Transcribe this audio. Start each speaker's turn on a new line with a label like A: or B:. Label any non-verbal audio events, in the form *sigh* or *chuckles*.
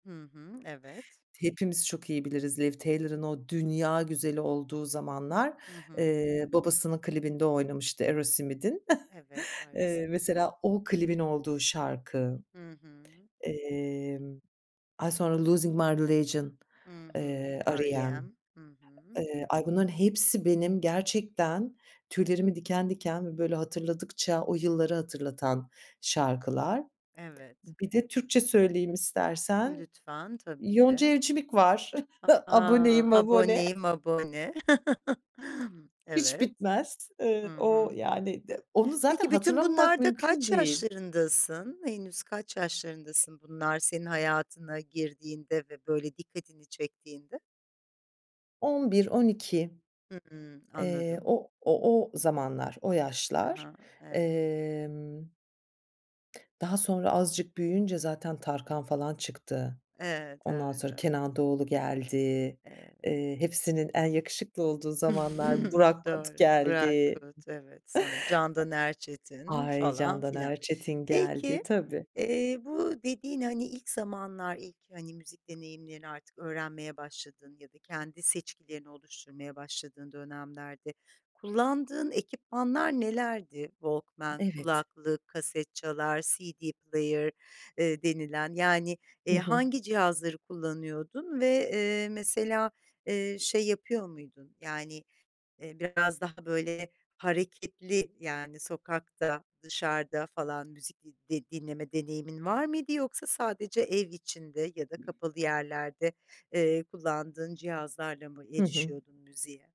A: Hı hı. Evet.
B: Hepimiz çok iyi biliriz Liv Tyler'ın o dünya güzeli olduğu zamanlar,
A: Hı hı.
B: eee, babasının klibinde oynamıştı Aerosmith'in.
A: Evet,
B: *chuckles* Eee,
A: Aerosmith.
B: mesela o klibin olduğu şarkı,
A: Hı hı.
B: emm, ay, sonra Losing My Religion,
A: Hı hı,
B: eee, R.E.M,
A: R.E.M. Hı hı.
B: eee, ay, bunların hepsi benim gerçekten tüylerimi diken diken ve böyle hatırladıkça o yılları hatırlatan şarkılar.
A: Evet.
B: Bir de Türkçe söyleyeyim istersen.
A: Lütfen.
B: Yonca
A: Tabii.
B: Evcimik var. *chuckles*
A: A a!
B: "Aboneyim Abone".
A: "Aboneyim Abone". *chuckles*
B: Hiç
A: Evet.
B: bitmez.
A: Hı
B: Eee, o,
A: hı.
B: yani, d onu zaten
A: Peki, bütün
B: hatırlamamak
A: bunlarda
B: mümkün
A: kaç
B: değil.
A: yaşlarındasın? Henüz kaç yaşlarındasın bunlar senin hayatına girdiğinde ve böyle dikkatini çektiğinde?
B: 11-12,
A: Hıı,
B: eee,
A: anladım.
B: o o o zamanlar, o
A: Ha
B: yaşlar,
A: ha, evet.
B: emm. Daha sonra azıcık büyüyünce zaten Tarkan falan çıktı.
A: Evet,
B: Ondan
A: evet,
B: sonra
A: evet.
B: Kenan Doğulu geldi.
A: Evet.
B: Eee, hepsinin en yakışıklı olduğu zamanlar
A: *chuckles*
B: Burak Kut
A: Doğru, Burak
B: geldi.
A: Kut. Evet, sonra Candan Erçetin
B: Ay,
A: falan
B: Candan
A: filan.
B: Erçetin geldi,
A: Peki,
B: tabii.
A: eee, bu dediğin, hani, ilk zamanlar, ilk, hani, müzik deneyimlerini artık öğrenmeye başladığın ya da kendi seçkilerini oluşturmaya başladığın dönemlerde kullandığın ekipmanlar nelerdi? Walkman,
B: Evet.
A: kulaklık, kasetçalar, CD player, eee, denilen, yani,
B: Hı
A: eee,
B: hı.
A: hangi cihazları kullanıyordun ve, eee, mesela, eee, şey yapıyor muydun? Yani, eee, biraz daha, böyle, hareketli, yani, sokakta, dışarıda falan müzik di de dinleme deneyimin var mıydı yoksa sadece ev içinde ya da kapalı yerlerde, eee, kullandığın cihazlarla mı
B: Hı hı.
A: erişiyordun müziğe?